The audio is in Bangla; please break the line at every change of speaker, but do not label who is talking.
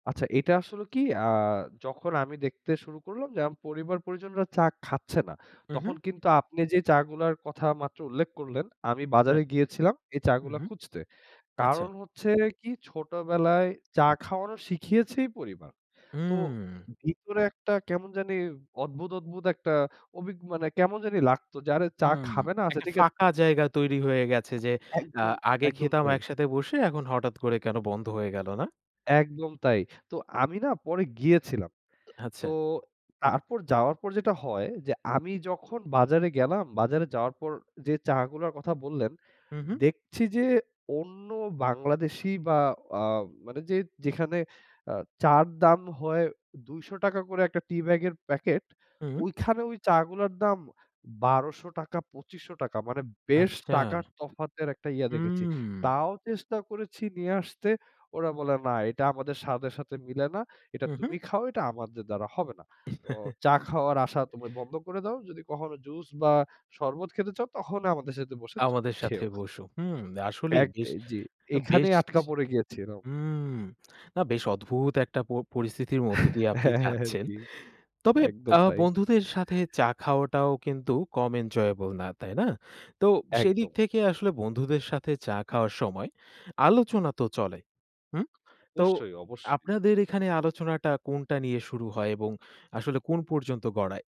আচ্ছা এটা আসলে কি অ্যা যখন আমি দেখতে শুরু করলাম যে, আম পরিবার পরিজনরা চা খাচ্ছে না।
হুম, হুম।
তখন কিন্তু আপনি যে, চা গুলার কথা মাত্র উল্লেখ করলেন, আমি
রাইট।
বাজারে গিয়েছিলাম এই চা
হুম,
গুলো
হুম,
খুঁজতে।
আচ্ছা।
কারণ হচ্ছে কি ছোটবেলায় চা খাওয়ানো শিখিয়েছেই পরিবার। তো
হুম।
ভিতরে একটা কেমন জানি অদ্ভুত, অদ্ভুত একটা অভিগ কেমন জানি লাগতো যে, আরে যারা চা
হুম,
খাবে না আচ্ছা
একটা
ঠিক আছে।
ফাঁকা জায়গা তৈরি হয়ে গেছে যে, অ্যা
একদম,
আগে
একদম
খেতাম
তাই।
একসাথে বসে, এখন হঠাৎ করে কেন বন্ধ হয়ে গেল, না?
একদম তাই। তো আমি না পরে গিয়েছিলাম। তো
আচ্ছা।
তারপর যাওয়ার পর যেটা হয় যে, আমি যখন বাজারে গেলাম। বাজারে যাওয়ার পর যে, চা গুলার কথা বললেন।
হুম, হুম।
দেখছি যে, অন্য বাংলাদেশি বা অ মানে যে, যেখানে অ চার দাম হয় ২০০ টাকা করে একটা টি ব্যাগের প্যাকেট।
হুম।
ওইখানে ওই চাগুলোর দাম ১২০০ টাকা, ২৫০০ টাকা। মানে বেশ
আচ্ছা,
টাকার তফাতের একটা ইয়া দেখেছি।
হুম।
তাও চেষ্টা করেছি নিয়ে আসতে। ওরা বলে না এটা আমাদের স্বাদের সাথে মিলে না। এটা
হুম, হুম।
তুমি খাও। এটা আমাদের দ্বারা হবে না। ও চা খাওয়ার আশা তো ভাই বন্ধ করে দাও। যদি কখনো জুস বা শরবত খেতে চাও, তখন আমাদের সাথে বসে চো
আমাদের সাথে
খেও।
বসো, হুম। আসলেই
এক
বেশ,
আ জি।
অ
এখানে
বেশ,
আটকা পড়ে গ্যাছে এরাও।
হুম। না, বেশ অদ্ভুত একটা প পরিস্থিতির মধ্য
হ্যাঁ,
দিয়ে আপনি
হ্যাঁ, হ্যাঁ,
যাচ্ছেন।
জি।
তবে
একদম
আ
তাই।
বন্ধুদের সাথে চা খাওয়াটাও কিন্তু কম এনজয়েবল না, তাই না? তো সেদিক
একদম।
থেকে আসলে বন্ধুদের সাথে চা খাওয়ার সময় আলোচনা তো চলে, হুম? তো
অবশ্যই, অবশ্যই।
আপনাদের এখানে আলোচনাটা কোনটা নিয়ে শুরু হয় এবং আসলে কোন পর্যন্ত গড়ায়?